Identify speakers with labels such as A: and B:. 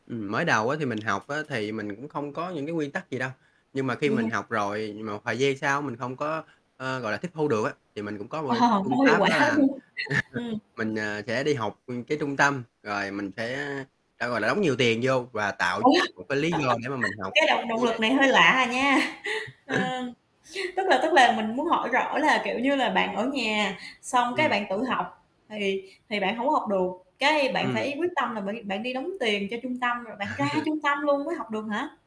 A: Ừm, mới đầu á thì mình học á thì mình cũng không có những cái nguyên tắc gì đâu, nhưng mà khi
B: Vậy
A: mình
B: hả?
A: học rồi, mà một thời gian sau mình không có, ơ, gọi là, tiếp thu được á, thì mình cũng có một
B: Ờ,
A: cái
B: Hông
A: phương
B: có hiệu
A: pháp
B: quả,
A: đó là
B: đúng không? Ừm.
A: mình, à, sẽ đi học, ưm, cái trung tâm rồi mình sẽ sẽ, gọi là, đóng nhiều tiền vô và tạo
B: Ủa?
A: một cái lý do để mà mình
B: Một
A: học
B: cái [unintelligible]
A: dễ
B: động lực
A: dàng.
B: này hơi lạ à nha. Ờ, tức là tức là mình muốn hỏi rõ là, kiểu như là, bạn ở nhà xong cái
A: Ừm.
B: bạn tự học thì thì bạn hông có học được, cái, bạn phải
A: Ừm.
B: quyết tâm là bạn đi bạn đi đóng tiền cho trung tâm, rồi bạn ra trung tâm luôn mới học được hả?